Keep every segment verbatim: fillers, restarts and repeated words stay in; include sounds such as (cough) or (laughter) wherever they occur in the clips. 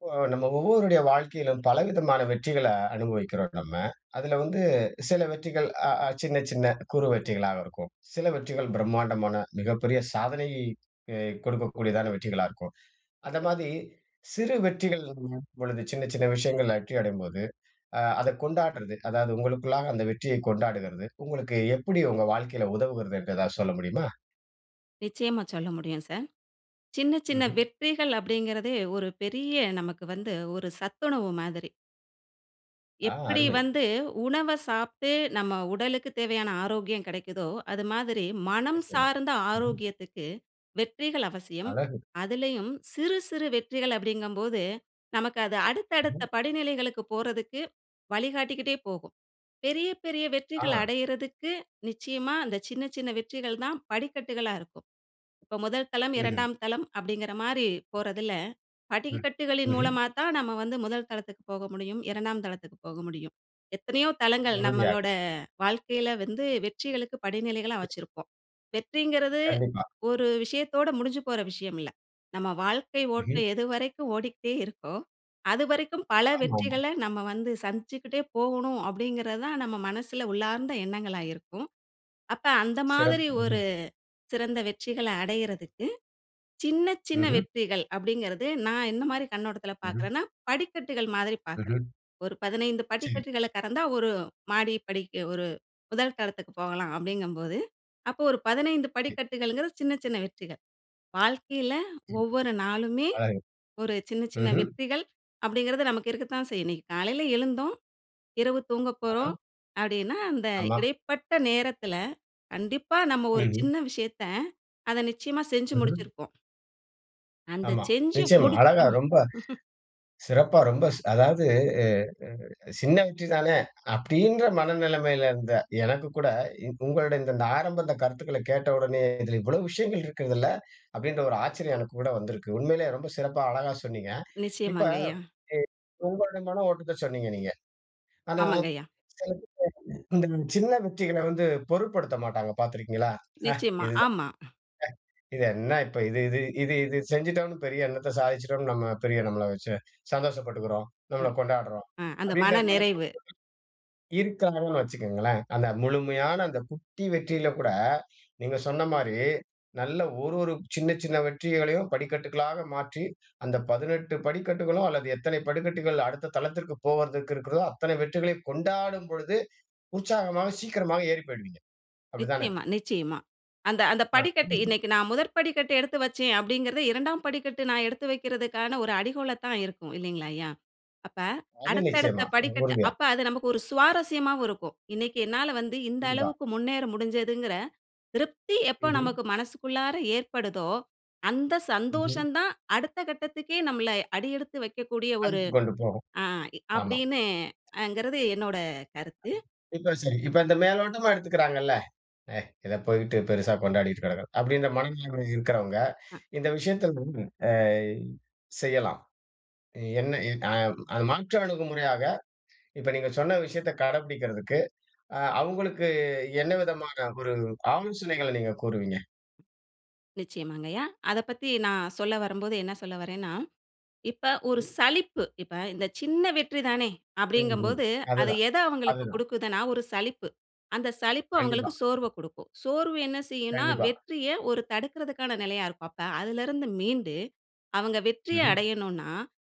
இப்போ நம்ம ஒவ்வொவருடைய வாழ்க்கையிலும் பலவிதமான வெற்றிகள அனுபவிக்கிறோம், நம்ம. அதில வந்து சில வெற்றிகள் அ அ சின்ன சின்ன குறு வெற்றிகளாக இருக்கும். சில வெற்றிகள் பிரம்மாண்டமான மிகப்பெரிய சாதனை அ கொடுக்கக்கூடியதான வெற்றிகளா இருக்கும். அந்தமாதிரி சிறு வெற்றிகளின் பொழுது சின்ன சின்ன விஷயங்கள்ல வெற்றி அடையும்போது, அ அத கொண்டாடுறது அதாவது உங்களுக்குள்ளாக அந்த வெற்றியை கொண்டாடுகிறது, உங்களுக்கு எப்படி உங்க வாழ்க்கையில உதவுகிறது என்று எதாவது சொல்ல முடியுமா? நிச்சயமா சொல்ல முடியும், சார்! சின்ன சின்ன ம்ஹ்ம். வெற்றிகள் அப்படின்கிறதே ஒரு பெரிய நமக்கு வந்து ஒரு சத்துணவு மாதிரி. ஆ. எப்படி அருமை! வந்து உணவ சாப்பிட்டு நம்ம உடலுக்குத் தேவையான ஆரோக்கியம் கிடைக்குதோ, அது மாதிரி, மனம் நிச்சயமா. சார்ந்த ம்ஹ்ம். ஆரோக்கியத்துக்கு வெற்றிகள் அவசியம். அழகு! அதிலேயும் சிறு சிறு வெற்றிகள் அப்படிங்கும்போது, நமக்கு அது அடுத்த அடுத்த ம். படிநிலைகளுக்கு போறதுக்கு வழிகாட்டிக்கிட்டே போகும். பெரிய பெரிய வெற்றிகள் ஆ! அடையிறதுக்கு நிச்சயமா அந்த சின்ன சின்ன வெற்றிகள் தான் படிக்கட்டுகளா இருக்கும். இப்போ முதல் தளம், ம்ஹ்ம். இரண்டாம் தளம் அப்படிங்கிற மாரி போறதில, ம். படிக்கட்டுகளின் ம்ஹ்ம். மூலமா தான், நம்ம வந்து முதல் தளத்துக்கு போக முடியும். இரண்டாம் தளத்துக்கு போக முடியும். எத்தனையோ தளங்கள் உறுதியாக. நம்மளோட வாழ்க்கையில வந்து வெற்றிகளுக்கு படிநிலைகளா வச்சிருப்போம். வெற்றிங்கிறது கண்டிப்பா. ஒரு விஷயத்தோட முடிஞ்சு போற விஷயம் இல்ல. "நம்ம வாழ்க்கை ம்ஹ்ம். ஓட்டம் எது வரைக்கும் ஓடிகிட்டே இருக்கோ, அதுவரைக்கும் பல ஆமாமா. வெற்றிகள நம்ம வந்து சந்திச்சுக்கிட்டே போகணும்." அப்படிங்கிறது தான் நம்ம மனசில் உள்ளார்ந்த எண்ணங்களா இருக்கும். அப்ப, அந்த சிறப் மாதிரி ஒரு ம்ஹ்ம். சிறந்த வெற்றிகள அடையிறதுக்கு, சின்ன சின்ன ம்ஹ்ம். வெற்றிகள் அப்படிங்கிறது நான் என்ன மாதிரி கண்ணோட்டத்தில் ம்ஹ்ம். பார்க்குறேன்னா, படிக்கட்டுகள் மாதிரி பார்க்குறேன். ம்ஹ்ம். ஒரு பதினைந்து சரி. படிக்கட்டுகளை கடந்தா ஒரு மாடி படிக்கு, ஒரு முதல் தளத்துக்கு போகலாம் அப்படிங்கும்போது, அப்போ ஒரு பதினைந்து கே படிக்கட்டுகளுங்கிறது சின்ன சின்ன வெற்றிகள். வாழ்க்கையில ஒவ்வொரு நாளுமே, அழகு. ஒரு சின்ன சின்ன ம்ஹ்ம். வெற்றிகள் அப்படிங்கிறது நமக்கு இருக்கத்தான் செய்யும். இன்னைக்கு காலையில எழுந்தோம், இரவு தூங்கப் ஆஹா! போறோம் அப்படின்னா அந்த ஆமா. இடைப்பட்ட நேரத்தில, கண்டிப்பா நம்ம ஒரு ம்ஹ்ம். சின்ன விஷயத்த அத நிச்சயமா செஞ்சு ம்ஹ்ம். முடிச்சிருப்போம். அந்த ஆமா. செஞ்சு நிச்சயமா. அழகா முடிச்சோ ரொம்ப (laughs) சிறப்பா ரொம்ப ச அதாவது (unintelligible) "சின்ன வெற்றி தானே" அப்படின்ற மனநிலைமையில இருந்த எனக்கு கூட இ உங்களுடைய இந்த த ஆரம்ப இந்த கருத்துக்களை கேட்ட உடனே, "இதில் இவ்வளவு விஷயங்கள் இருக்குதுல்ல!" அப்படின்ற ஒரு ஆச்சரியம் எனக்கு கூட வந்திருக்கு. உண்மையிலே ரொம்ப சிறப்பா அழகா சொன்னீங்க. இப்ப நிச்சயமாங்கய்யா. (unintelligible) உங்களுடைய மன ஓட்டத்த சொன்னீங்க நீங்க. ஆனா ஆமாங்கய்யா. சில பேர் இந்த சின்ன வெற்றிகள வந்து பொருட்படுத்த மாட்டாங்க. பார்த்திருக்கீங்களா? "ஹ நிச்சயமா. இதுதா ஹ ஆமா. இது என்ன இப்ப! இது இது இது இது செஞ்சுட்டோம்னு, பெரிய என்னத்த சாதிச்சுட்டோம்னு, நம்ம பெரிய நம்மள வைச்சு சந்தோஷப்பட்டுக்கிறோம்? அ நம்மளை கொண்டாடுறோம்." ஆ. அந்த அப்படின்ற மன மனப்பக்குவ நிறைவு. இருக்காங்கன்னு வைச்சுகோங்களேன். அந்த முழுமையான, அந்த குட்டி வெற்றியில கூட, நீங்க சொன்ன மாரி நல்ல ஒரு ஒரு சின்ன சின்ன வெற்றிகளையும் படிக்கட்டுகளாக மாற்றி, அந்த பதினெட்டு படிக்கட்டுகளும் அல்லது எத்தனை படிக்கட்டுகள் அடுத்த தளத்திற்கு போவதற்கு இருக்கிறதோ அத்தனை வெற்றிகளை கொண்டாடும் பொழுது உற்சாகமாக, சீக்கிரமாக ஏறி போய்டுவீங்க. அப்படித்தான? நிச்சயமா, நிச்சயமா. அந்த அந்த ஆ படிக்கட்டு (unintelligible) "இன்னைக்கு, நான் முதற் படிக்கட்டு எடுத்து வைச்சேன்." அப்படிங்கிறதே இரண்டாம் படிக்கட்டு நான் எடுத்து வைக்கிறதுக்கான ஒரு அடிகோலா தான் இருக்கும். இல்லைங்களாய்யா? அப்ப அது அடுத்த அடுத்த நிச்சயமா. படிக்கட்டு உறுதியா. அப்ப அது நமக்கு ஒரு சுவாரஸ்யமாவும் இருக்கும். இன்னைக்கு என்னால வந்து இந்த கண்டிப்பா. அளவுக்கு முன்னேற முடிஞ்சதுங்கிற திருப்தி எப்போ ம்ஹ்ம். நமக்கு மனசுக்குள்ளாற ஏற்படுதோ, அந்த ம்ஹ்ம். சந்தோஷம் தான் அடுத்த கட்டத்துக்கே நம்மளை அடியெடுத்து வைக்கக்கூடிய ஒரு அன்த்து கொண்டு போகும். ஆ. ஆமா. அப்படின்னு ங்கிறது, என்னோட கருத்து. இப்போ சரி! இப்போ இந்த மேலோட்டமா எடுத்துக்கிறாங்கள்ல, "ஏய்! இத போயிட்டு பெரிசா கொண்டாடிட்டு கிடக்கறோம்." அப்படின்ற மனநிலைமையில இருக்கிறவங்க அ இந்த விஷயத்த (unintelligible) அ செய்யலாம். என்ன இ அ அ மாற்று அணுகுமுறையாக இப்போ நீங்க சொன்ன விஷயத்த கடைபிடிக்கிறதுக்கு, அ அவங்களுக்கு என்ன விதமான ஒரு ஆலோசனைகள நீங்க கூறுவீங்க? நிச்சயமாங்கய்யா, அதப்பத்தி நான் சொல்ல வரும்போது என்ன சொல்ல வரேன்னா, இப்ப ஒரு ம்ஹ்ம். சலிப்பு, இப்ப இந்த சின்ன வெற்றிதானே, ம் ம். அப்பிடிங்கம்போது, அது அதுதான், எத அவுங்களுக்கு அதுதான். குடுக்குதுன்னா, ஒரு சலிப்பு. அந்த சலிப்பு கண்டிப்பா. அவுங்களுக்கு சோர்வ குடுக்கும். சோர்வு என்ன செய்யுன்னா, கண்டிப்பா. வெற்றிய ஒரு தடுக்குறதுக்கான நிலையா இருக்கும். அப்ப அதுல இருந்து மீண்டு, அவுங்க வெற்றிய ம்ஹ்ம். அடையணுனா,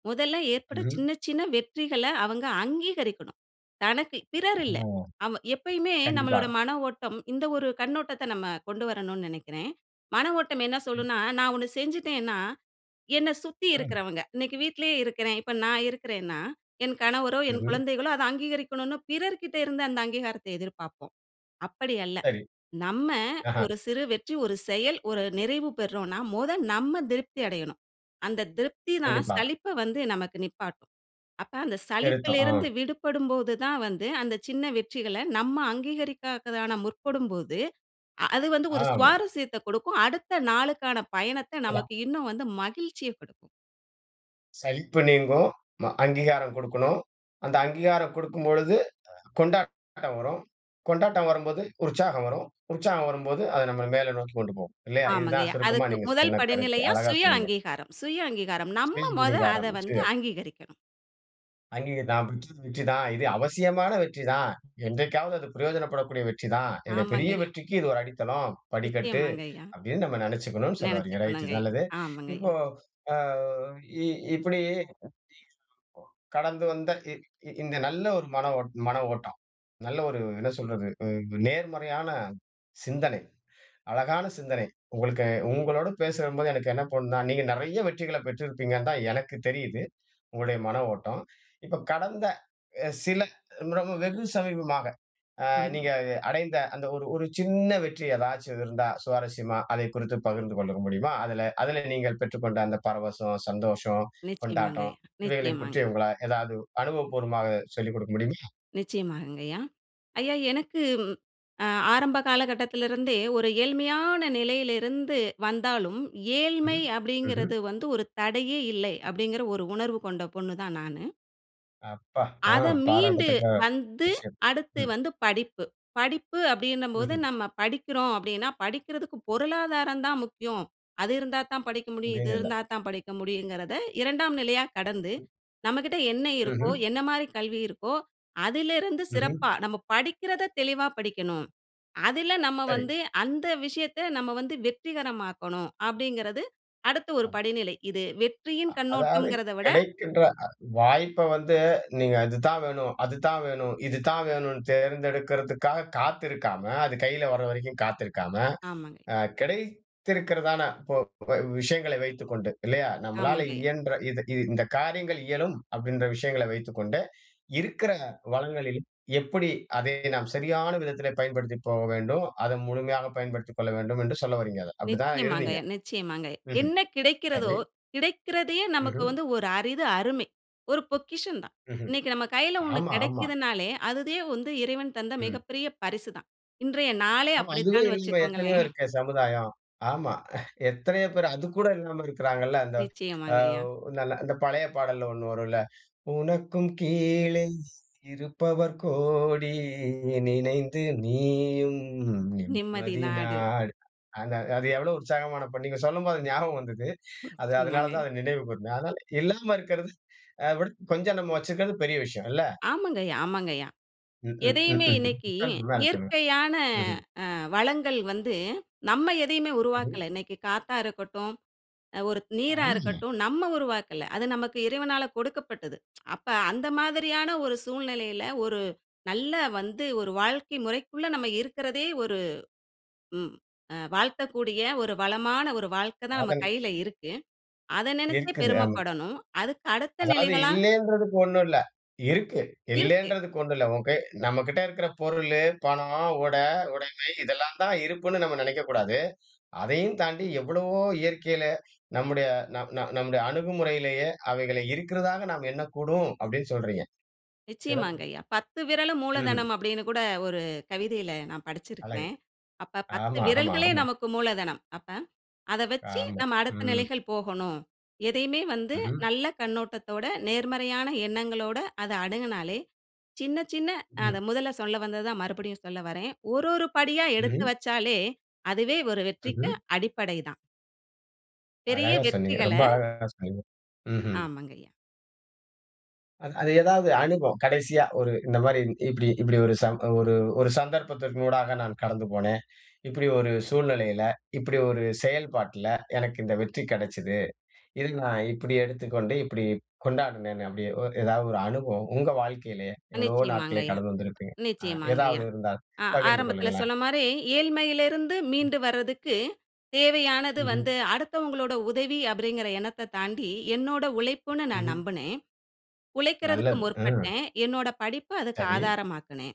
முதல்ல ஏற்பட்ட ம்ஹ்ம். சின்ன, சின்ன வெற்றிகள அவங்க அங்கீகரிக்கணும். தனக்கு பிறர் ஆ, இல்ல. ஆமா, எப்பயுமே கண்டிப்பா. நம்மளோட மன ஓட்டம், இந்த ஒரு கண்ணோட்டத்த நம்ம கொண்டு வரணுன்னு நெனைக்கிறேன். மன ஓட்டம் என்ன ம். சொல்லுன்னா, நான் ஒண்ணு செஞ்சுட்டேன்னா, என்ன சுத்தி ம் இருக்குறவங்க, இன்னைக்கு வீட்லயே இருக்கிறேன், இப்ப நான் இருக்கிறேன்னா, என் கணவரோ! என் ம்ஹ்ம். குழந்தைகளோ! அத அங்கீகரிக்கணுனு பிறர்க்கிட்ட இருந்து அந்த அங்கீகாரத்த எதிர்பாப்போம். அப்பிடி அல்ல, சரி. நம்ம ஆஹ. ஒரு சிறு வெற்றி, ஒரு செயல், ஒரு நிறைவு பெறுறோன்னா முத நம்ம திருப்தி அடையணும். அந்த திருப்திதான் கண்டிப்பா. சலிப்ப வந்து நமக்கு நிப்பாட்டும். அப்ப அந்த சலிப்பில திருத்தம். ஆ. இருந்து விடுபடும்போதுதான் வந்து, அந்த சின்ன வெற்றிகள நம்ம அங்கீகரிக்காகதான முற்படும்போது, அ அது வந்து ஒரு ஆமா. சுவாரசியத்த குடுக்கும். அடுத்த நாளுக்கான பயணத்த அதான். நமக்கு இன்னும் வந்து மகிழ்ச்சிய குடுக்கும். சலிப்பு நீங்கும், ம அங்கீகாரம் குடுக்கணும். அந்த அங்கீகாரம் குடுக்கும் பொழுது அ கொண்டாட்டம் வரும். கொண்டாட்டம் வரும்போது, உற்சாகம் வரும். உற்சாகம் வரும்போது, அத நம்ப மேல நோக்கி கொண்டு போகும் இல்லயா? இதுதான் ஆமாங்கய்யா. சுருக்கமா அதுக்கு நீங்க முதல் சொன்ன கருத்து. படிநிலையா அழகா சுய சொன்னீங்க. அங்கீகாரம், சுய அங்கீகாரம், நம்ப முத அத வந்து (unintelligible) அங்கீகரிக்கணும். அங்கீக (unintelligible) தான். இது அவசியமான வெற்றி தான். என்றைக்காவது அது பிரயோஜனப்படக்கூடிய வெற்றி தான். என்னோட பெரிய ஆமாங்கய்யா. வெற்றிக்கு இது ஒரு அடித்தளம், படிக்கட்டு நிச்சயமாங்கய்யா. அப்பிடின்னு நம்ப நினைச்சிக்கணுனு சொல்ல வர்றீங்க. ரைட் நினைச்சுக்கணுங்கய்யா, நல்லது. இப்போ ஆமாங்கய்யா. அ இ இப்பிடி (unintelligible) கடந்து வந்த இ இந் இந்த நல்ல ஒரு மன ஓட் மன ஓட்டம், நல்ல ஒரு என்ன சொல்றது, அ நேர்மறையான சிந்தனை. அழகான சிந்தனை. உங்களுக்கு உங்களோட பேசுறம் போது, எனக்கு என்ன தோணுனா, நீங்க நிறைய வெற்றிகள்ல பெற்றிருப்பீங்கன்னு தான் எனக்கு தெரியுது. உங்களுடைய மன ஓட்டம். இப்போ கடந்த அ சில (unintelligible) வெகு சமீபமாக அ நீங்க (chuckles) அ அடைந்த அந்த ஒரு ஒரு சின்ன வெற்றி ஏதாச்சும் இருந்தா சுவாரஸ்யமா, அத குறித்து பகிர்ந்து கொள்ள முடியுமா? அதுல அதுல நீங்கள் பெற்றுக்கொண்ட அந்த பரவசம், சந்தோஷம், கொண்டாட்டம் நிச்சயமாங்கய்யா, இவைகளை நிச்சயமாங்க. குற்றிய உங்களா ஏதாவது அனுபவபூர்வமாக சொல்லிக் குடுக்க முடியுமா? நிச்சயமாங்கய்யா. ஐயா, எனக்கு ம் அ ஆரம்ப காலகட்டத்துல இருந்தே ஒரு ஏழ்மையான நிலையில இருந்து வந்தாலும், ம் ஏழ்மை ம்ஹ்ம். அப்பிடிங்கிறது வந்து ஒரு தடையே இல்லை. அப்பிடிங்கிற ஒரு உணர்வு கொண்ட பொண்ணு தான் நானு. அப்பா! ஆ. அத மீண்டு பாராட்டத்தக்க வந்து, விஷயம். அடுத்து ம். வந்து படிப்பு. படிப்பு அப்படின்னபோது, ம்ஹ்ம். நம்ம படிக்கிறோம் அப்படின்னா, படிக்கிறதுக்கு பொருளாதாரம் தான் முக்கியம். அது இருந்தா தான் படிக்க முடியும், இது அப்படின்னு இல்ல. இருந்தா தான் படிக்க முடியுங்கிறதை இரண்டாம் நிலையா கடந்து, ம். நம்மகிட்ட என்ன இருக்கோ, ம்ஹ்ம். என்ன மாரி கல்வி இருக்கோ, அதிலிருந்து ம்ஹ்ம். சிறப்பா, நம்ம படிக்கிறத தெளிவா படிக்கணும். அதில நம்ம சரி. வந்து அந்த விஷயத்த நம்ம வந்து வெற்றிகரமாக்கணும். அப்டிங்கிறது அடுத்த ஒரு ஆ. படிநிலை. இது வெற்றியின் அ அதாவது, கண்ணோட்டம்ங்கிறத விட கிடைக்கின்ற அ வாய்ப்ப வந்து நீங்க இதுதான் வேணும், அதுதான் வேணும், இது தான் வேணும்ண்ட்டு, தேர்ந்தெடுக்கிறதுக்காக காத்திருக்காம, அது கையில வர வரைக்கும் காத்திருக்காம, ஆமாங்கய்யா. அ கிடைத்திருக்கிறதான இப்போ போ விஷயங்களை வைத்துக்கொண்டு இல்லையா? நம்மளால ஆமாங்கய்யா. இயன்ற இது இது இந்த காரியங்கள் இயலும் அப்டின்ற விஷயங்களை வைத்துக்கொண்டு, இருக்கிற வளங்களில் எப்படி அதை நாம் சரியான விதத்திலே பயன்படுத்தி போக வேண்டும்? அத முழுமையாக பயன்படுத்திக் கொள்ள வேண்டும் என்று சொல்ல வறீங்க அத. அப்டி தான் இருந்தீங்க? நிச்சயமாங்கய்யா நிச்சயமாங்கய்யா. ம்ஹ்ம். என்ன கிடைக்கிறதோ, சரி. கிடைக்கிறதையே நமக்கு ம்ஹ்ம். வந்து ஒரு அரிது, அருமை. ஒரு பொக்கிஷந்தான். ம்ஹ்ம். இன்னைக்கு நம்ம கையில ஒண்ணு ஆமா ஆமா. கிடைக்கிதுன்னாலே, அதுவே வந்து இறைவன் தந்த ம். மிகப்பெரிய பரிசு தான். இன்றைய நாளே ஆமா. இதுவே அப்படித்தான்னு இல்லாம எத்தனையோ வச்சுக்கோங்களேன். இருக்கே சமுதாயம்! ஆமா. (chuckles) எத்தனையோ பேர், அதுக்கூட இல்லாம இருக்கிறாங்கல்ல. அந்த நிச்சயமாங்கய்யா. அவ் நல்ல அந்த பழைய பாடல்ல ஒண்ணு வரும் இல்ல உனக்கும் கீழே இருப்பவர் கோடி. நினைந்து நீயும் நிம்மதி நிம்மதி நாடு. நாடு. அந்த அது எவ்வளவு உற்சாகமான பாடல் நீங்க சொல்லும்போது அது ஞாபகம் வந்தது. அது அதனால தான் நிச்சயமாங்கய்யா. அதை நினைவு கூர்ந்தேன். அதனால, இல்லாம இருக்கிறது அதைவிட கொஞ்சம் நம்ம வச்சிருக்கிறது பெரிய விஷயம் இல்ல? ஆமாங்கய்யா ஆமாங்கய்யா. ம்ஹ்ம். எதையுமே ம்ஹ்ம் இன்னைக்கு சொல்லுங்க! மேல சொல்லுங்க. இயற்கையான ம்ஹ்ம். அ வளங்கள் வந்து, நம்ம எதையுமே சரி. உருவாக்கல. இன்னைக்கு காத்தா இருக்கட்டும், அ ஒரு நீரா ஆமா. இருக்கட்டும், நம்ம உருவாக்கல. அது நமக்கு இறைவனால கொடுக்கப்பட்டது. (tsk) அப்ப அந்த மாதிரியான ஒரு சூழ்நிலையில, ஒரு நல்ல வந்து, ஒரு வாழ்க்கை முறைக்குள்ள நம்ம இருக்குறதே ஒரு ம் அ வாழ்த்தக்கூடிய, ஒரு வளமான, ஒரு வாழ்க்க தான் நம்ம அதான் கையில இருக்கு. அத நெனச்சே இருக்குது ஆமா. பெருமப்படணும். அதுக்கு அடுத்த அதாவது நிலைகளா "இல்லைன்றதுக்கு ஒண்ணும் இல்ல! இருக்கு. இருக்கு. இல்லைன்றதுக்கு ஒண்ணும் இல்ல! உன் கை நம்மகிட்ட இருக்கிற பொருளு, பணம், உடை, உடைமை இதெல்லாம் தான் இருப்புன்னு, நம்ம நெனைக்கக்கூடாது. அதையும் தாண்டி எவ்வளவோ இயற்கையில, நம்முடைய நம் நம் நம்முடைய அணுகுமுறையிலேயே, அவைகளை இருக்கிறதாக நாம் எண்ணக்கூடும்" அப்படின்னு சொல்றீங்க? சிறப்பு. நிச்சயமாங்கய்யா. "பத்து விரலும் ம்ஹ்ம். மூலதனம்" அப்படின்னு கூட ஒரு கவிதையில நான் அழகு! படிச்சிருக்கிறேன். அப்ப பத்து ஆமா ஆமா விரல்களே ஆமா. நமக்கு மூலதனம். அப்ப அத வச்சு ஆமா. நம்ம அடுத்த ம். நிலைகள் போகணும். எதையுமே வந்து ம்ஹ்ம். நல்ல கண்ணோட்டத்தோட, நேர்மறையான எண்ணங்களோட அத அணுகுனாலே, சின்ன சின்ன அ ம். அத முதல்ல சொல்ல வந்தது தான் மறுபடியும் சொல்ல வரேன். ஒரு, ஒரு படியா எடுத்து ம்ஹ்ம். வச்சாலே, அதுவே ஒரு வெற்றிக்கு ம்ஹ்ம். அடிப்படை தான். பெரிய அழகா சொன்னீங்க. வெற்றிகள ரொம்ப அழகா சொன்னீங்க. ம்ஹ்ம். ஆமாங்கய்யா. அ அது ஏதாவது அனுபவம், கடைசியா ஒரு இந்த மாரி, இப்டி இப்டி ஒரு சம் ஒரு ஒரு சந்தர்ப்பத்திற்கு ஊடாக நான் கடந்து போனேன். இப்டி ஒரு சூழ்நிலையில, இப்டி ஒரு செயல்பாட்ல, எனக்கு இந்த வெற்றி கெடச்சது. இதை நான் இப்டி எடுத்துக்கொண்டு, இப்டி கொண்டாடினேன்னு அப்டி எதாவது ஒரு அனுபவம் உங்க வாழ்க்கையிலே எவ்வளவோ நாட்களே நிச்சயமாங்கயா கடந்து வந்திருப்பீங்க, அ நிச்சயமாங்கயா! எதாவது இருந்தால் அ பகிர்ந்து ஆரம்பதல கொள்ளுங்களேன். சொன்ன மாரி ஏழ்மையில இருந்து மீண்டு வர்றதுக்கு தேவையானது ம்ஹ்ம். வந்து, அடுத்தவங்களோட உதவி அப்படிங்கிற எண்ணத்தத் தாண்டி என்னோட உழைப்புன்னு நான் ம்ஹ்ம். நம்புனேன். உழைக்கிறதுக்கு நல்லது. அ. முற்பட்டேன். என்னோட படிப்ப அதுக்கு சரி. ஆதாரமாக்குனேன்.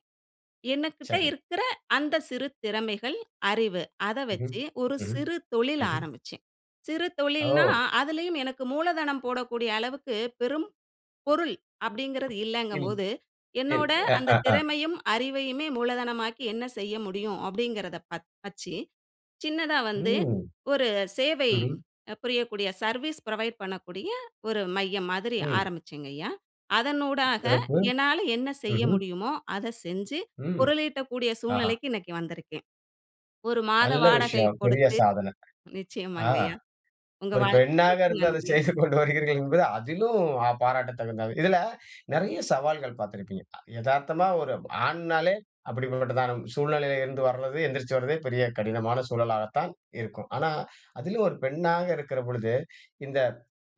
எனகிட்ட சரி. இருக்குற அந்த சிறு திறமைகள், அறிவு அத ம்ஹ்ம், வச்சு ஒரு ம்ஹ்ம், சிறு தொழில் ம்ஹ்ம். ஆரம்பிச்சேன். சிறு தொழில்னா ஓ! அதுலயும் எனக்கு மூலதனம் போடக்கூடிய அளவுக்கு பெரும் பொருள் அப்டிங்கறது ம். இல்லைங்கும்போது, சரி. என்னோட அந்த (laughs) திறமையும் அறிவையுமே மூலதனமாக்கி என்ன செய்ய முடியும் அப்டிங்கறத பர்த்த வச்சு சின்னதா வந்து ம். ஒரு சேவை ம்ஹ்ம். புரியக்கூடிய சர்வீஸ் ப்ரொவைட் பண்ணக்கூடிய ஒரு மையம் மாதிரி ம். ஆரம்பிச்சேங்கயா. அதன் ஊடாக சிறப்பு! என்னால என்ன செய்ய ம்ஹ்ம். முடியுமோ அத செஞ்சு ம். பொருளீட்டக்கூடிய ஆஹ. சூழ்நிலைக்கு இன்னைக்கு வந்திருக்கேன். ஒரு மாத நல்ல வாடகை விஷயம், பெரிய குடுத்து சாதன! அ நிச்சயமாங்கயா உங்க ஒரு பெண்ணாக வாழ்த்துகளுக்கு இருந்து அத நன்றி. செய்துகொண்டு வருகிறீர்கள் என்பது அதிலும் அ பாராட்டத்தகுந்தது. இதுல நறைய சவால்கள் பார்த்திருப்பீங்க. எதார்த்தமா ஒரு ஆண்னாலே, அப்டிப்பட்டதான சூழ்நிலையிலிருந்து வர்றது, எந்திரிச்சு வர்றதே பெரிய கடினமான சூழலாகத்தான் இருக்கும். ஆனா, அதுலயும் ஒரு பெண்ணாக இருக்கிற பொழுது, இந்த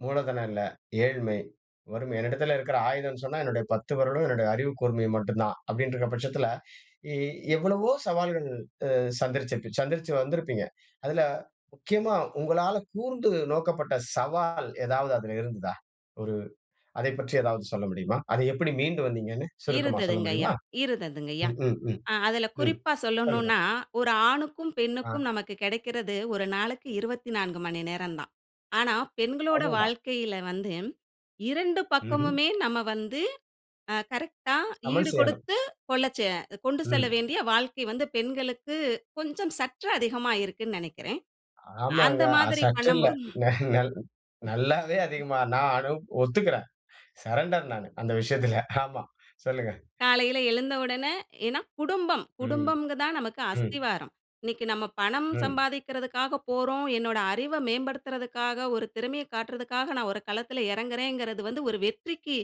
மூலதனம் இல்ல, ஏழ்மை, வறுமை, என்னிடத்தில இருக்கிற ஆயுதம்னு சொன்னா என்னுடைய பத்து வெரலும், என்னுடைய அறிவுக்கூர்மையும் மட்டும்தான். அப்டின்னுருக்கிற பட்சத்துல, எ எவ்வளவோ சவால்கள் அ சந்திச்சிருச்சுப் சந்திச்சு வந்திருப்பீங்க. அதுல முக்கியமா உங்களால கூர்ந்து நோக்கப்பட்ட சவால் ஏதாவது அதுல இருந்ததா? ஒரு அதைப் பற்றி ஏதாவது சொல்ல முடியுமா? அத எப்படி மீண்டு வந்தீங்கன்னு சுருக்கமா சொல்ல இருந்ததுங்கயா முடியுமா? இருந்ததுங்கயா. ம், ம், ம், அ அதுல ம். குறிப்பா சொல்லுங்க. சொல்லணும்னா ஒரு ஆணுக்கும், ஆ. பெண்ணுக்கும் நமக்கு கிடைக்கிறது ஒரு நாளைக்கு இருவத்தி நான்கு மணி நேரம் தான். ஆனா பெண்களோட அவ்வளவு தான். வாழ்க்கையில வந்து இரண்டு ம்ஹ்ம். பக்கமுமே நம்ம வந்து அ கரெக்ட்டா சமன் செய்யணும். ஈடுகுடுத்து கொள்ளச் அ கொண்டு செல்ல ம். வேண்டிய வாழ்க்கை வந்து பெண்களுக்கு கொஞ்சம் சற்று அதிகமா இருக்குன்னு நினைக்கிறேன். அந்த ஆமாங்க. அது மாதிரி சற்று இல்ல. பண்ணும்போது. ந நல் நல்லாவே அதிகமா நானும் ஒத்துக்றேன். சரண்டர் நானு, அந்த விஷயத்ல. ஆமா சொல்லுங்க. காலையில எழுந்த உடனே ஏன்னா குடும்பம் ம். குடும்பம் தான் நமக்கு ம். அஸ்திவாரம். இன்னிக்கு நம்ம பணம் ம். சம்பாதிக்கிறதுக்காக போறோம், என்னோட அறிவ மேம்படுத்துறதுக்காக, ஒரு திறமைய காட்றதுக்காக நா ஒரு களத்துல எறங்குறேங்கறது வந்து ஒரு வெற்றிக்கு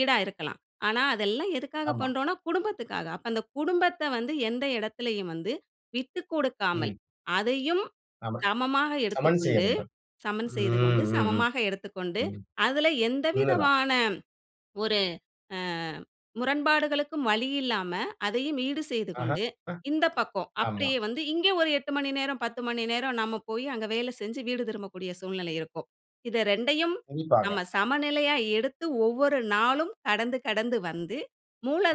ஈடா இருக்கலாம். ஆனா, அதெல்லாம் எதுக்காக ஆமா. பண்றோம்னா குடும்பத்துக்காக. அப்ப அந்த குடும்பத்த வந்து எந்த எடத்துலயும் வந்து விட்டுக்குடுக்காமல், ம். அதையும் ஆமா, சமமாக சமன் செய்ய எடுத்துக்கொண்டு, வேண்டும். சமன் ம். செய்துகொண்டு, ம், ம். சமமாக எடுத்துக்கொண்டு, ம். அதுல உண்ம தான். எந்தவிதமான ஒரு அ முரண்பாடுகளுக்கும் வழியில்லாம அதையும் ஈடு ஆஹ. செய்துகொண்டு, அ. இந்த பக்கம் ஆமா. அப்டியே வந்து இங்க ஒரு எட்டு மணி நேரம், பத்து மணி நேரம் நம்ம போய், அங்க வேல செஞ்சு வீடு திரும்பக்கூடிய சூழ்நிலை இருக்கும். இது ரெண்டையும் கண்டிப்பாக. நம்ம சமநிலையா எடுத்து ஒவ்வொரு நாளும் கடந்து கடந்து வந்து,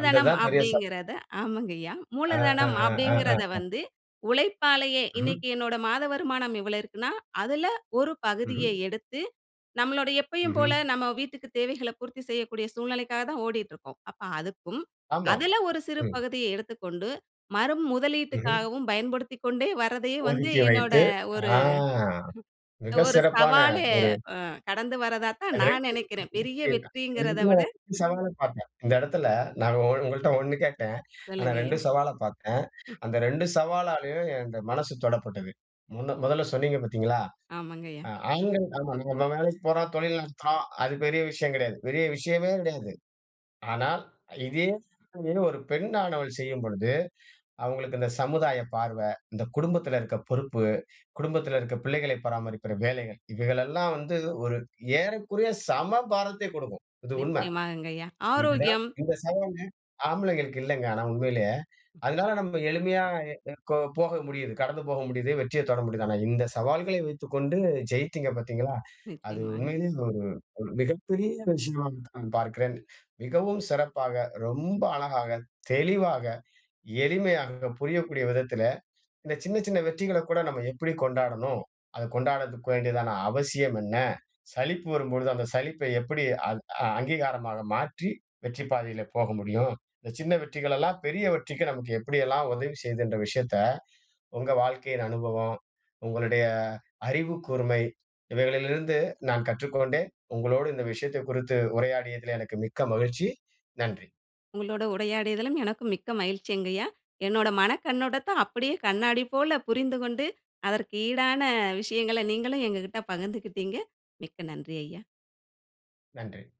வந்தது தான் பெரிய சவால். அப்டிங்கறத, ஆமாங்க ஐயா, ஆ, மூலதனம் ஆ, ஆ. அப்படிங்கறத அ. வந்து உழைப்பாலயே ம். இன்னைக்கு என்னோட மாத வருமானம் இவ்வளவு இருக்குன்னா அதுல ஒரு ம்ஹ்ம். பகுதியை எடுத்து, நம்மளோட எப்பயும் ம்ஹ்ம். போல நம்ம வீட்டுக்கு தேவைகள பூர்த்தி செய்யக்கூடிய சூழ்நிலைக்காகத்தான் ஓடிட்டுருக்கோம். அப்ப அதுக்கும் ஆமா, அதுல ஒரு சிறு ம். பகுதிய எடுத்துக்கொண்டு மறு ம்ஹ்ம். முதலீட்டுக்காகவும் பயன்படுத்திக்கொண்டே வர்றதையே வந்து ஒதுக்கி என்னோட வைத்து, ஒரு ஆ (chuckles) மிக ஒரு சிறப்பான சவால ஒரு அ கடந்து வர்றதாத்தான் அது நான் ரெண்டு நினைக்கிறேன், பெரிய விஷயமா, (unintelligible) இந்த வெற்றிங்கிறத இடத்துல விட ஒரு சவால பாத்தேன். இந்த இடத்துல நான் ஒ ஒங்கள்ட்ட ஒண்ணு கேட்டேன், ஆனா சொல்லுங்க ரெண்டு ஐயா. சவால பாத்தேன். ம். அந்த ரெண்டு சவாலாலையும் என் இந்த மனசு தொடப்பட்டது. முன்ன மொதல சொன்னீங்க பாத்தீங்களா, ஆமாங்கய்யா. ஆண்கள் நம்ம நம்ம வேலைக்கு போறோம், தொழில் நடத்துறோம், அது பெரிய விஷயம் கெடையாது, பெரிய விஷயமே கிடையாது. ஆனா, இதையே தொழில் ஒரு பெண்ணானவள் செய்யும்பொழுது, அவங்களுக்கு இந்த சமுதாய பார்வ, இந்த குடும்பத்துல இருக்க பொறுப்பு, குடும்பத்துல இருக்க பிள்ளைகளை பராமரிக்கிற வேலைகள் இவைகளெல்லாம் வந்து ஒரு ஏறக்குறைய சம பாரத்தை குடுக்கும். இது உண்ம. நிச்சயமாகங்கயா, ஆரோக்கியம். இந்த சவால் ஆம்பளைங்களுக்கு இல்லங்க, ஆனா உண்மையிலேயே. அதனால நம்ம எளிமையா எ கோ போக முடியுது, கடந்து போக முடியுது, வெற்றியத் தொட முடியுது. ஆனா இந்தச் சவால்களை வைத்துக்கொண்டு ஜெயிச்சீங்க பாத்தீங்களா? அது நிச்சயமாக. உண்மையிலேயே ஒரு மிகப்பெரிய விஷயமாத்தான் பார்க்கிறேன். மிகவும் சிறப்பாக, ரொம்ப அழகாக, தெளிவாக, எளிமையாக, புரியக்கூடிய விதத்தில, இந்த சின்ன சின்ன வெற்றிகளக்கூட நம்ம எப்டி கொண்டாடணும், அத கொண்டாடதுக்கு வேண்டியதான அவசியம் என்ன? சலிப்பு வரும்பொழுது அந்த சலிப்பை எப்படி அ அங் அங்கீகாரமாக மாற்றி வெற்றிப் பாதையில போக முடியும், இந்த சின்ன வெற்றிகளெல்லாம் பெரிய வெற்றிக்கு நமக்கு எப்படியெல்லாம் உதவி செய்துன்ற விஷயத்த உங்க வாழ்க்கையின் அனுபவம், உங்களுடைய அறிவுக்கூர்மை இவைகளிலிருந்து நான் கற்றுக்கொண்டேன். உங்களோடு இந்த விஷயத்தக் குறித்து உரையாடியதிலே எனக்கு மிக்க மகிழ்ச்சி. நன்றி. உங்களோட உடையாடியதலும் எனக்கும் மிக்க மகிழ்ச்சிங்கயா. என்னுட மனக் கண்ணோட்டத்த, அப்படியே கண்ணாடி போல புரிந்துகொண்டு, அதற்கு ஈடான விஷயங்களை நீங்களும் எங்கக்கிட்ட பகிர்ந்துகிட்டீங்க. மிக்க நன்றி ஐயா. நன்றி.